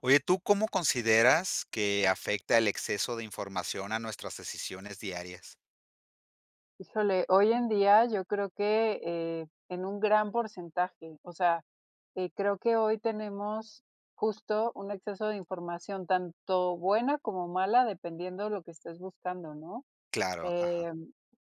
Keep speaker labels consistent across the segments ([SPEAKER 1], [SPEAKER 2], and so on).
[SPEAKER 1] Oye, ¿tú cómo consideras que afecta el exceso de información a nuestras decisiones diarias?
[SPEAKER 2] Híjole, hoy en día yo creo que, eh, en un gran porcentaje, o sea, que creo que hoy tenemos justo un exceso de información, tanto buena como mala, dependiendo lo que estés buscando, ¿no?
[SPEAKER 1] Claro, ajá.
[SPEAKER 2] Eh,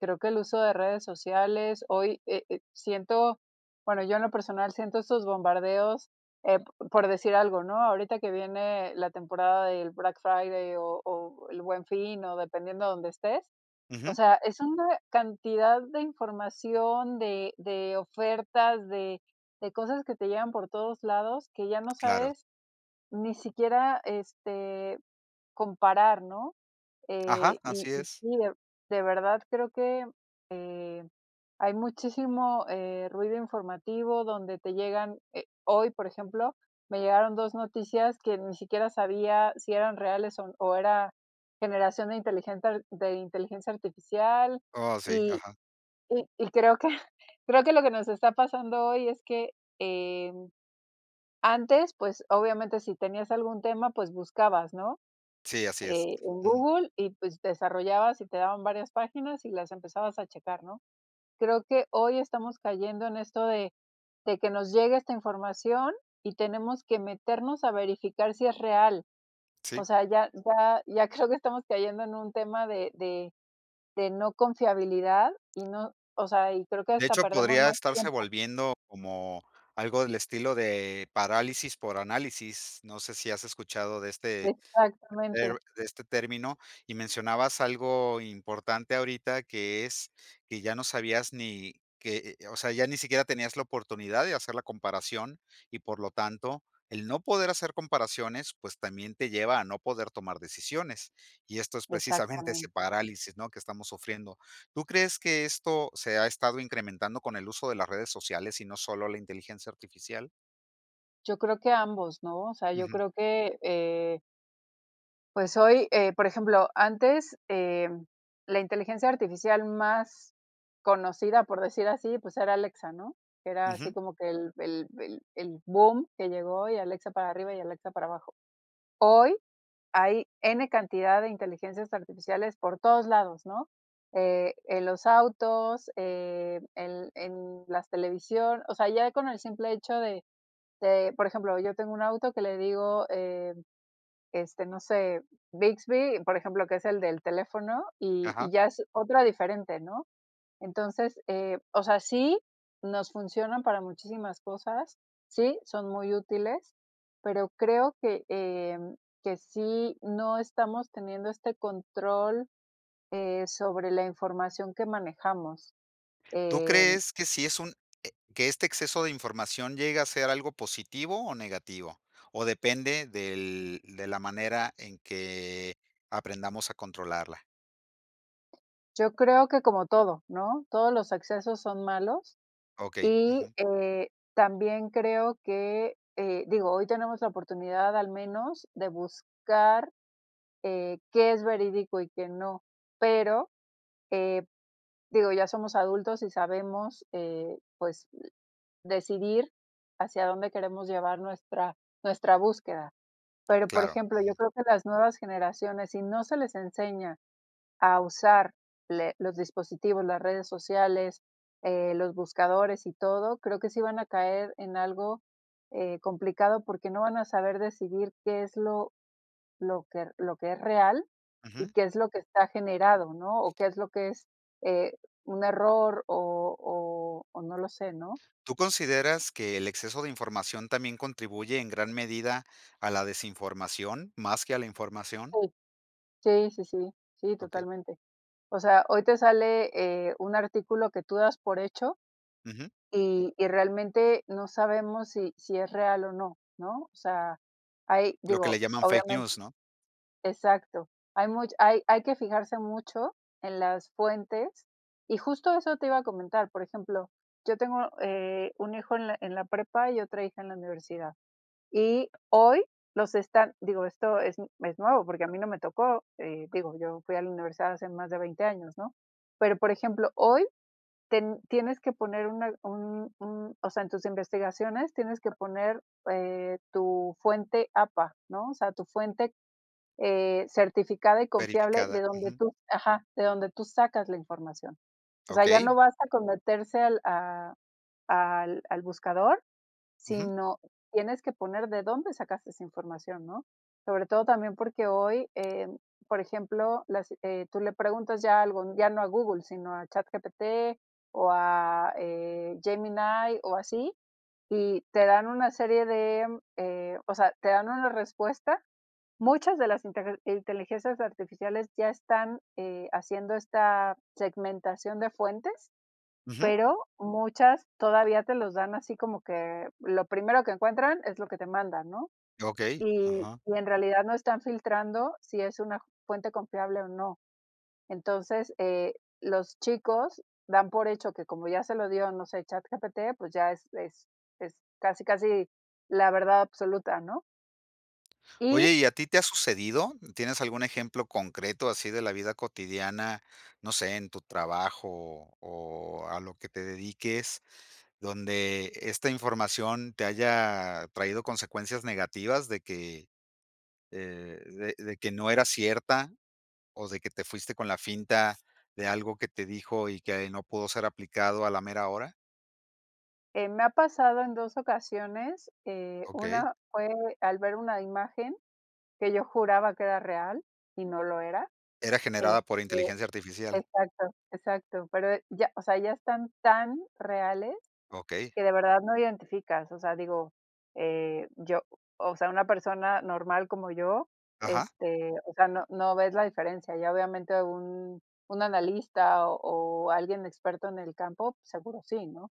[SPEAKER 2] creo que el uso de redes sociales, hoy, eh eh, siento, bueno, yo en lo personal siento estos bombardeos, eh, p por decir algo, ¿no? ahorita que viene la temporada del Black Friday o o El Buen Fin, o dependiendo donde estés, o
[SPEAKER 1] Ujú.
[SPEAKER 2] sea, es una cantidad de información, de de ofertas, de de cosas que te llegan por todos lados, que ya no
[SPEAKER 1] Claro.
[SPEAKER 2] sabes ni siquiera, este, comparar, ¿no?
[SPEAKER 1] Ajá,
[SPEAKER 2] eh, y
[SPEAKER 1] así
[SPEAKER 2] y
[SPEAKER 1] es.
[SPEAKER 2] sí, de de verdad creo que eh, hay muchísimo, eh, ruido informativo donde te llegan, eh, hoy, por ejemplo, me llegaron 2 noticias que ni siquiera sabía si eran reales o o era generación de inteligencia de inteligencia artificial,
[SPEAKER 1] Oh, si.
[SPEAKER 2] y
[SPEAKER 1] Ajá.
[SPEAKER 2] y y creo que creo que lo que nos está pasando hoy es que, eh antes, pues obviamente si tenías algún tema, pues buscabas, ¿no?
[SPEAKER 1] Sí, así es.
[SPEAKER 2] en
[SPEAKER 1] Ujú.
[SPEAKER 2] Google y pues desarrollabas y te daban varias páginas y las empezabas checar, ¿no? Creo que hoy estamos cayendo en esto de de que nos llegue esta información y tenemos que meternos a verificar si es real. O
[SPEAKER 1] Sí.
[SPEAKER 2] sea, ya ya ya creo que estamos cayendo en un tema de de de no confiabilidad y no o sea, y creo que
[SPEAKER 1] De
[SPEAKER 2] hasta
[SPEAKER 1] hecho,
[SPEAKER 2] perdemos
[SPEAKER 1] podría
[SPEAKER 2] más
[SPEAKER 1] estarse
[SPEAKER 2] tiempo.
[SPEAKER 1] volviendo como algo del estilo de parálisis por análisis. No sé si has escuchado de este
[SPEAKER 2] Exactamente.
[SPEAKER 1] de este término y mencionabas algo importante ahorita, que es que ya no sabías ni que eh o o sea, ya ni siquiera tenías la oportunidad de hacer la comparación y, por lo tanto, el no poder hacer comparaciones, pues, también te lleva a no poder tomar decisiones. Y esto es precisamente ese
[SPEAKER 2] Exactamente.
[SPEAKER 1] parálisis, ¿no? que estamos sufriendo. ¿Tú crees que esto se ha estado incrementando con el uso de las redes sociales y no solo la inteligencia artificial?
[SPEAKER 2] Yo creo que ambos, ¿no? O sea, yo
[SPEAKER 1] Ujú.
[SPEAKER 2] creo que, eh pues, hoy, eh, por ejemplo, antes, eh, la inteligencia artificial más conocida, por decir así, pues, era Alexa, ¿no? Era así
[SPEAKER 1] Ujú.
[SPEAKER 2] como que el el el el bum que llegó y Alexa para arriba y Alexa para abajo. Hoy hay N cantidad de inteligencias artificiales por todos lados, ¿no? Eh, en los autos, eh, el en las televisión, o sea, ya con el simple hecho de de, por ejemplo, yo tengo un auto que le digo, e este, no sé, Bixby, por ejemplo, que es el del teléfono, y
[SPEAKER 1] Ajá.
[SPEAKER 2] y ya es otra diferente, ¿no? Entonces, eh, o sea, sí, nos funcionan para muchísimas cosas, sí, son muy útiles, pero creo que, em, que sí no estamos teniendo este control, eh, sobre la información que manejamos,
[SPEAKER 1] ¿Tú
[SPEAKER 2] em
[SPEAKER 1] crees que sí es un e que este exceso de información llegue a ser algo positivo o negativo? ¿O depende del de la manera en que aprendamos a controlarla?
[SPEAKER 2] Yo creo que como todo, ¿no? Todos los excesos son malos,
[SPEAKER 1] Okey,
[SPEAKER 2] y
[SPEAKER 1] ujú.
[SPEAKER 2] eh, también creo que, eh, digo, hoy tenemos la oportunidad al menos de buscar, eh, qué es verídico y qué no. Pero, eh, digo, ya somos adultos y sabemos, eh, pues, decidir hacia dónde queremos llevar nuestra nuestra búsqueda. Pero, por
[SPEAKER 1] Claro,
[SPEAKER 2] ejemplo, yo
[SPEAKER 1] ujú.
[SPEAKER 2] creo que las nuevas generaciones, si no se les enseña a usar le los dispositivos, las redes sociales, eh, los buscadores y todo, creo que sí van a caer en algo eh, complicado, porque no van a saber decidir qué es lo lo que re lo lo que es real y
[SPEAKER 1] Ujú.
[SPEAKER 2] qué es lo que está generado, ¿no? O qué es lo que es, eh, un error o o o no lo sé, ¿no?
[SPEAKER 1] ¿Tú consideras que el exceso de información también contribuye en gran medida a la desinformación más que a la información?
[SPEAKER 2] Sí. Sí, sí, sí. Sí,
[SPEAKER 1] Okey.
[SPEAKER 2] totalmente. O sea, hoy te sale, eh, un artículo que tú das por hecho,
[SPEAKER 1] Ujú.
[SPEAKER 2] y y realmente no sabemos si si es real o no, ¿no? O sea, hay,
[SPEAKER 1] Lo que le
[SPEAKER 2] digo,
[SPEAKER 1] llaman fake
[SPEAKER 2] obviamen
[SPEAKER 1] news, ¿no?
[SPEAKER 2] Exacto. Hay much hay hay que fijarse mucho en las fuentes, y justo eso te iba a comentar. Por ejemplo, yo tengo, eh, un hijo en la en la prepa y otra hija en la universidad. Y hoy los están, digo, esto es es nuevo, porque a mí no me tocó, eh, digo, yo fui a la universidad hace más de 20 años, ¿no? Pero, por ejemplo, hoy ten tienes que poner una un un, o sea, en tus investigaciones tienes que poner, eh, tu fuente APA, ¿no? O sea, tu fuente, eh, certificada y confiable,
[SPEAKER 1] Verificada,
[SPEAKER 2] de donde
[SPEAKER 1] ujú.
[SPEAKER 2] tú ajá, de donde tú sacas la información. O sea, ya no
[SPEAKER 1] Okey.
[SPEAKER 2] basta con meterse al a al al buscador,
[SPEAKER 1] Ujú.
[SPEAKER 2] sino tienes que poner de dónde sacaste esa información, ¿no? Sobre todo también porque hoy, eh, mm, por ejemplo, las eh, tú le preguntas ya algo, ya no a Google, sino a ChatGPT o a, eh, Gemini o así, y te dan una serie de, eh, o sea, te dan una respuesta. Muchas de las inter inteligencias artificiales ya están, eh, haciendo esta segmentación de fuentes,
[SPEAKER 1] Ujú.
[SPEAKER 2] pero muchas todavía te los dan así como que lo primero que encuentran es lo que te mandan, ¿no?
[SPEAKER 1] Okey,
[SPEAKER 2] Y
[SPEAKER 1] ajá.
[SPEAKER 2] y en realidad no están filtrando si es una fuente confiable o no. Entonces, eh, los chicos dan por hecho que, como ya se lo dio, no sé, ChatGPT, pues ya es es es casi, casi la verdad absoluta, ¿no? Y.
[SPEAKER 1] Oye, ¿y a ti te ha sucedido? ¿Tienes algún ejemplo concreto así de la vida cotidiana? No sé, en tu trabajo o o a lo que te dediques, ¿dónde esta información te haya traído consecuencias negativas, de que eh, de de de que no era cierta o de que te fuiste con la finta de algo que te dijo y que ahí no pudo ser aplicado a la mera hora?
[SPEAKER 2] Eh, me ha pasado en dos ocasiones, eh,
[SPEAKER 1] Okey.
[SPEAKER 2] una fue al ver una imagen que yo juraba que era real y no lo era.
[SPEAKER 1] Era generada
[SPEAKER 2] Este
[SPEAKER 1] por inteligencia artificial.
[SPEAKER 2] exacto, exacto. Pero eh, ya, o sea, ya están tan reales
[SPEAKER 1] Okey.
[SPEAKER 2] que de verdad no identificas. O sea, digo, eh, yo, o sea, una persona normal como yo,
[SPEAKER 1] Ajá.
[SPEAKER 2] este, o sea, no no ves la diferencia. Ya, obviamente, un un analista o o alguien experto en el campo, seguro sí, ¿no?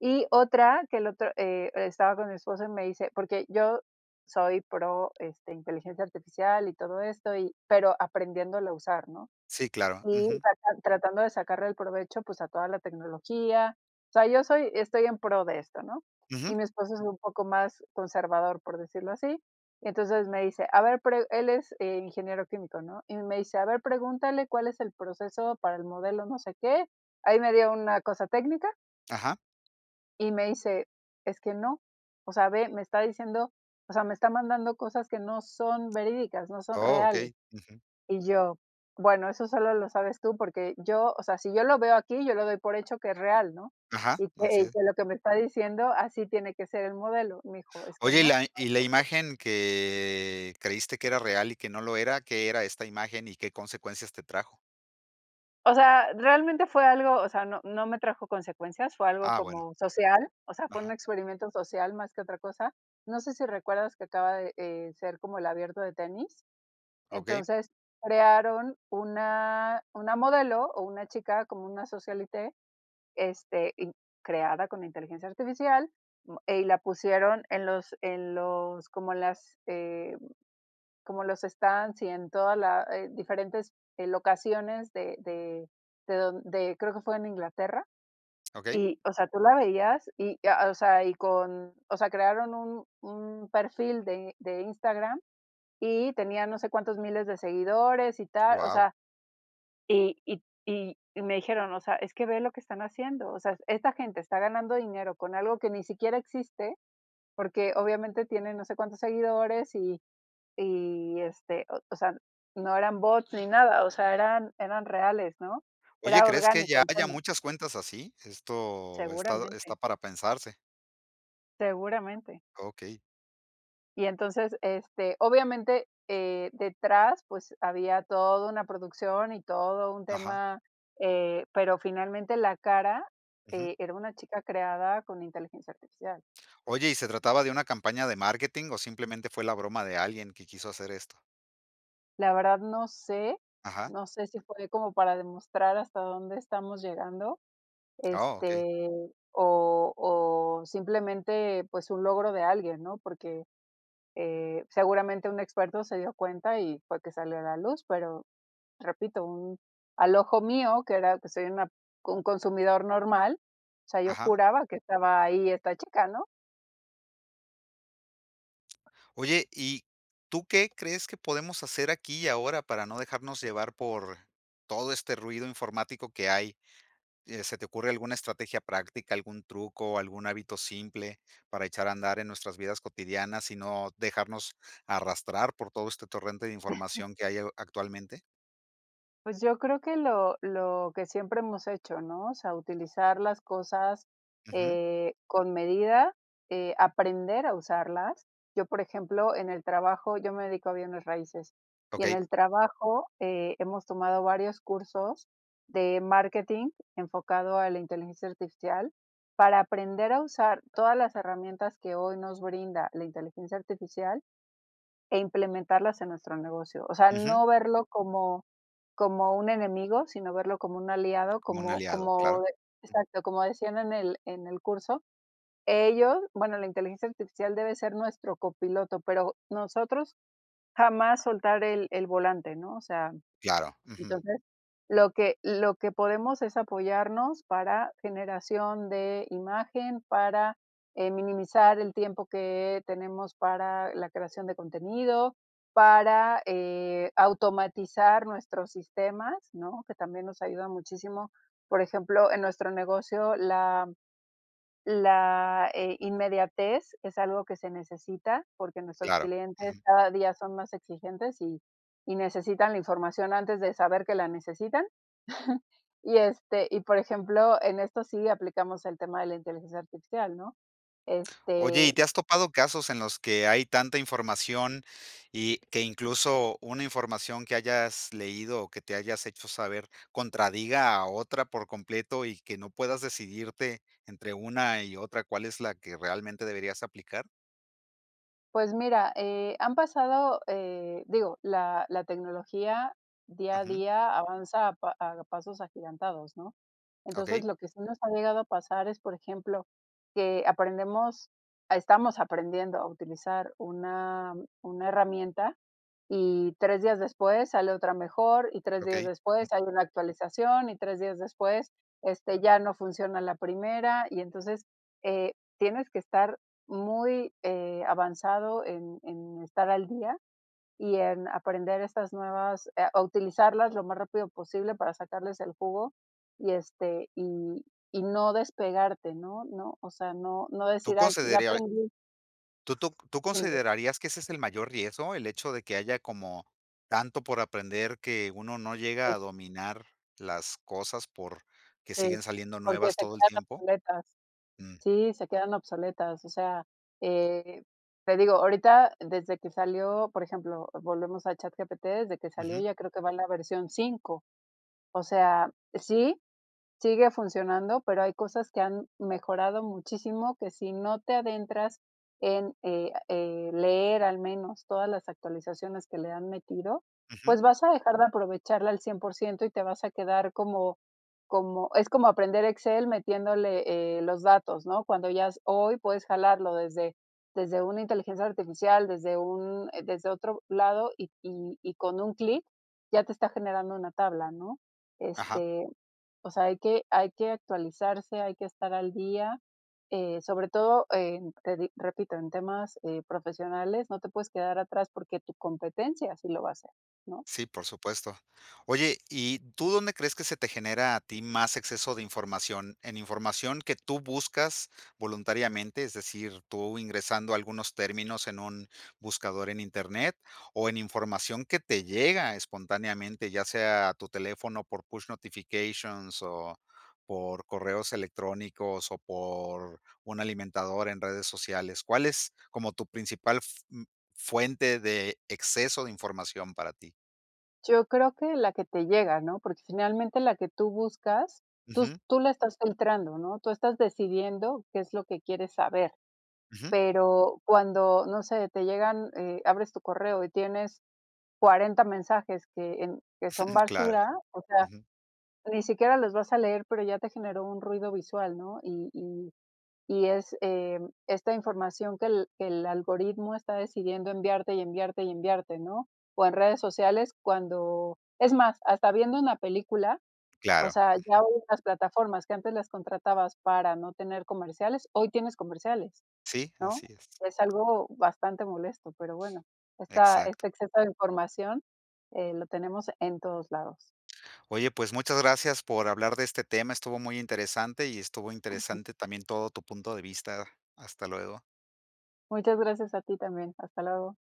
[SPEAKER 2] Y otra que el otro, eh, estaba con mi esposo y me dice, porque yo soy pro, este, inteligencia artificial y todo esto, y pero aprendiéndolo a usar, ¿no?
[SPEAKER 1] Sí, claro,
[SPEAKER 2] Y
[SPEAKER 1] ujú.
[SPEAKER 2] tratan tratando de sacarle el provecho, pues, a toda la tecnología. O sea, yo soy estoy en pro de esto, ¿no?
[SPEAKER 1] Ujú.
[SPEAKER 2] Y mi esposo es un poco más conservador, por decirlo así. Entonces me dice: "A ver" pero él es, eh, ingeniero químico, ¿no? Y me dice: "A ver, pregúntale cuál es el proceso para el modelo no sé qué". Ahí me dio una cosa técnica
[SPEAKER 1] Ajá.
[SPEAKER 2] y me dice: "Es que no. O sea, ve, me está diciendo, o sea, me está mandando cosas que no son verídicas, no son
[SPEAKER 1] Oh,
[SPEAKER 2] reales".
[SPEAKER 1] okey, ujú.
[SPEAKER 2] Y yo, bueno, eso solo lo sabes tú, porque yo, o sea, si yo lo veo aquí, yo lo doy por hecho que es real, ¿no?
[SPEAKER 1] Ajá,
[SPEAKER 2] Y
[SPEAKER 1] así
[SPEAKER 2] que y
[SPEAKER 1] e
[SPEAKER 2] que lo que me está diciendo, así tiene que ser el modelo. Me dijo: "Es que no,
[SPEAKER 1] Oye, y
[SPEAKER 2] no
[SPEAKER 1] la y la
[SPEAKER 2] es así".
[SPEAKER 1] imagen que creíste que era real y que no lo era, ¿qué era esta imagen y qué consecuencias te trajo?
[SPEAKER 2] O sea, realmente fue algo, o sea, no no me trajo consecuencias, fue algo
[SPEAKER 1] Ah, bueno.
[SPEAKER 2] como social, o sea, fue un
[SPEAKER 1] Ajá.
[SPEAKER 2] experimento social más que otra cosa. No sé si recuerdas que acaba de, eh, ser como el abierto de tenis.
[SPEAKER 1] Okey.
[SPEAKER 2] Entonces, crearon una una modelo o una chica, como una socialité, este, in creada con inteligencia artificial, mo eh, y la pusieron en los en los como en las eh, como en los stands y en toda la eh, diferentes eh, locaciones de de de don de creo que fue en Inglaterra,
[SPEAKER 1] Okey.
[SPEAKER 2] y, o sea, tú la veías y, ah, o sea, y con, o sea, crearon un un perfil de de Instagram y tenía no sé cuántos miles de seguidores y tal, o
[SPEAKER 1] Wao.
[SPEAKER 2] sea, y y y me dijeron, o sea, es que ve lo que están haciendo, o sea, esta gente está ganando dinero con algo que ni siquiera existe, porque obviamente tiene no sé cuántos seguidores y y, este, o sea, no eran bots ni nada, o sea, eran eran reales, ¿no?
[SPEAKER 1] Oye,
[SPEAKER 2] Era
[SPEAKER 1] ¿crees que
[SPEAKER 2] orgánico
[SPEAKER 1] ya
[SPEAKER 2] el
[SPEAKER 1] haya
[SPEAKER 2] tema.
[SPEAKER 1] muchas cuentas así? Esto estado
[SPEAKER 2] Seguramente.
[SPEAKER 1] está para pensarse.
[SPEAKER 2] Seguramente.
[SPEAKER 1] Okey.
[SPEAKER 2] Y entonces, este, obviamente, eh, detrás, pues, había todo una producción y todo un
[SPEAKER 1] Ajá.
[SPEAKER 2] tema, eh, pero finalmente la cara,
[SPEAKER 1] Ujú.
[SPEAKER 2] eh, era una chica creada con inteligencia artificial.
[SPEAKER 1] Oye, ¿y se trataba de una campaña de marketing o simplemente fue la broma de alguien que quiso hacer esto?
[SPEAKER 2] La verdad no sé,
[SPEAKER 1] Ajá.
[SPEAKER 2] no sé si fue de como para demostrar hasta dónde estamos llegando,
[SPEAKER 1] Ah, okey.
[SPEAKER 2] este, o o simplemente, pues, su logro de alguien, ¿no? Porque, eh, seguramente un experto se dio cuenta y fue que salió a la luz, pero, repito, un al ojo mío, que era que soy una un consumidor normal, o sea, yo
[SPEAKER 1] Ajá.
[SPEAKER 2] juraba que estaba ahí esta chica, ¿no?
[SPEAKER 1] Oye y, ¿tú qué crees que podemos hacer aquí y ahora para no dejarnos llevar por, todo este ruido informático que hay? Eh, ¿se te ocurre alguna estrategia práctica, algún truco, algún hábito simple para echar a andar en nuestras vidas cotidianas y no, dejarnos, arrastrar por todo este torrente de información que hay ho actualmente?
[SPEAKER 2] Pues yo creo que lo lo que siempre hemos hecho, ¿no? O sea, utilizar las cosas,
[SPEAKER 1] Ujú.
[SPEAKER 2] eh, con medida, eh, aprender a usarlas. Yo, por ejemplo, en el trabajo, yo me dedico a bienes raíces, y en
[SPEAKER 1] Okey.
[SPEAKER 2] el trabajo, eh, hemos tomado varios cursos de marketing enfocado a la inteligencia artificial para aprender a usar todas las herramientas que hoy nos brinda la inteligencia artificial e implementarlas en nuestro negocio, o sea,
[SPEAKER 1] Ujú.
[SPEAKER 2] no verlo como, como un enemigo, sino verlo como un aliado,
[SPEAKER 1] Como un
[SPEAKER 2] como
[SPEAKER 1] aliado,
[SPEAKER 2] como
[SPEAKER 1] claro.
[SPEAKER 2] de exacto, como decían en el en el curso. Ellos bueno, la inteligencia artificial debe de ser nuestro copiloto, pero nosotros jamás soltar el el volante, ¿no? O sea,
[SPEAKER 1] Claro, ujú.
[SPEAKER 2] entonces lo que lo que podemos es apoyarnos para generación de imagen, para, eh, minimizar el tiempo que tenemos para la creación de contenido, para, eh, automatizar nuestros sistemas, ¿no? Que también nos ayuda muchísimo. Por ejemplo, en nuestro negocio la la, eh, inmediatez es algo que se necesita, porque nuestros
[SPEAKER 1] Claro,
[SPEAKER 2] clientes
[SPEAKER 1] ujú.
[SPEAKER 2] cada día son más exigentes y y necesitan la información antes de saber que la necesitan. Y, este, y por ejemplo, en esto sí aplicamos el tema de la inteligencia artificial, ¿no?
[SPEAKER 1] Oye,
[SPEAKER 2] Este
[SPEAKER 1] ¿y te has topado casos en los que hay tanta información y, que incluso una información que hayas leído o que te hayas hecho saber, contradiga a otra por completo y que no puedas decidirte entre una y otra cuál es la que realmente deberías aplicar?
[SPEAKER 2] Pues mira, eh, han pasado, eh, digo la la tecnología día a
[SPEAKER 1] Ujú.
[SPEAKER 2] día avanza a pa a pasos agigantados, ¿no?
[SPEAKER 1] Okey.
[SPEAKER 2] Entonces, lo que sí nos ha llegado a pasar es, por ejemplo, que aprendemos ah, estamos aprendiendo a utilizar una una herramienta, y 3 días después sale otra mejor, y 3 días
[SPEAKER 1] Okey.
[SPEAKER 2] después hay una actualización, y 3 días después, este, ya no funciona la primera, y entonces, eh, tienes que estar muy, eh, avanzado en en estar al día y en aprender estas nuevas eh, a utilizarlas lo más rápido posible para sacarles el jugo, y, este, y y no despegarte, ¿no? ¿No? O sea, no no
[SPEAKER 1] ¿Tú
[SPEAKER 2] decir, ay, ya
[SPEAKER 1] consederiai
[SPEAKER 2] aprendí.
[SPEAKER 1] tú tú c tú
[SPEAKER 2] [unintelligible]
[SPEAKER 1] considerarías que ese es el mayor riesgo, el hecho de que haya como, tanto por aprender que uno no llega
[SPEAKER 2] [unintelligible]
[SPEAKER 1] a dominar, las cosas por, que
[SPEAKER 2] Sí,
[SPEAKER 1] siguen saliendo
[SPEAKER 2] porque
[SPEAKER 1] nuevas
[SPEAKER 2] se
[SPEAKER 1] todo el
[SPEAKER 2] quedan
[SPEAKER 1] tiempo?
[SPEAKER 2] obsoletas.
[SPEAKER 1] Mm.
[SPEAKER 2] Sí, se quedan obsoletas, o sea, eh, te digo, ahorita desde que salió por ejemplo, volvemos a ChatGPT, desde que salió
[SPEAKER 1] Ujú.
[SPEAKER 2] yo creo que va la versión 5. O sea sí, sigue funcionando, pero hay cosas que han, mejorado muchísimo, que si no te adentras en, eh eh, leer al menos todas las actualizaciones que le han metido,
[SPEAKER 1] Ujú.
[SPEAKER 2] pues vas a dejar de aprovecharla al cien por ciento y te vas a quedar como como es como aprender Excel metiéndole, eh, los datos, ¿no? Cuando ya s hoy puedes jalarlo desde desde una inteligencia artificial, desde un, eh desde otro lado y y y con un clic ya te está generando una tabla, ¿no?
[SPEAKER 1] Ajá.
[SPEAKER 2] Este, o sea, hay que hay que actualizarse, hay que estar al día, eh, sobre todo, en te di repito, en temas, eh, profesionales, no te puedes quedar atrás porque tu competencia sí lo va a hacer, ¿no?
[SPEAKER 1] Sí, por supuesto. Oye, y ¿tú dónde crees que se te genera a ti más exceso de información? ¿En información que tú buscas, voluntariamente, es decir, tú ingresando algunos términos en un buscador en Internet o en información que te llega espontáneamente, ya sea a tu teléfono por push notifications o por correos electrónicos o por, un alimentador en redes sociales? ¿Cuál es como tu principal f n fuente de exceso de información para ti?
[SPEAKER 2] Yo creo que la que te llega, ¿no? Porque finalmente la que tú buscas, tus
[SPEAKER 1] Ujú.
[SPEAKER 2] tú la estás filtrando, ¿no? Tú estás decidiendo qué es lo que quieres saber.
[SPEAKER 1] Ujú.
[SPEAKER 2] Pero cuando, no sé, te llegan eh, abres tu correo y tienes 40 mensajes que en que son
[SPEAKER 1] Claro.
[SPEAKER 2] basura, o sea,
[SPEAKER 1] Ujú.
[SPEAKER 2] ni siquiera los vas a leer, pero ya te generó un ruido visual, ¿no? Y y y es, eh, esta información que el que el algoritmo está decidiendo enviarte y enviarte y enviarte, ¿no? O en redes sociales cuando es más, hasta viendo una película, o
[SPEAKER 1] Claro.
[SPEAKER 2] sea, ya
[SPEAKER 1] Ujú.
[SPEAKER 2] hoy en las plataformas que antes las contratabas para no tener comerciales, hoy tienes comerciales,
[SPEAKER 1] Sí,
[SPEAKER 2] ¿no?
[SPEAKER 1] así es.
[SPEAKER 2] Es algo bastante molesto, pero bueno, esta
[SPEAKER 1] Exacto.
[SPEAKER 2] este exceso de información, eh, lo tenemos en todos lados.
[SPEAKER 1] Oye, pues muchas gracias por hablar de este tema, estuvo muy interesante, y estuvo
[SPEAKER 2] Ujú.
[SPEAKER 1] interesante también todo tu punto de vista. Hasta luego.
[SPEAKER 2] Muchas gracias a ti también, hasta luego.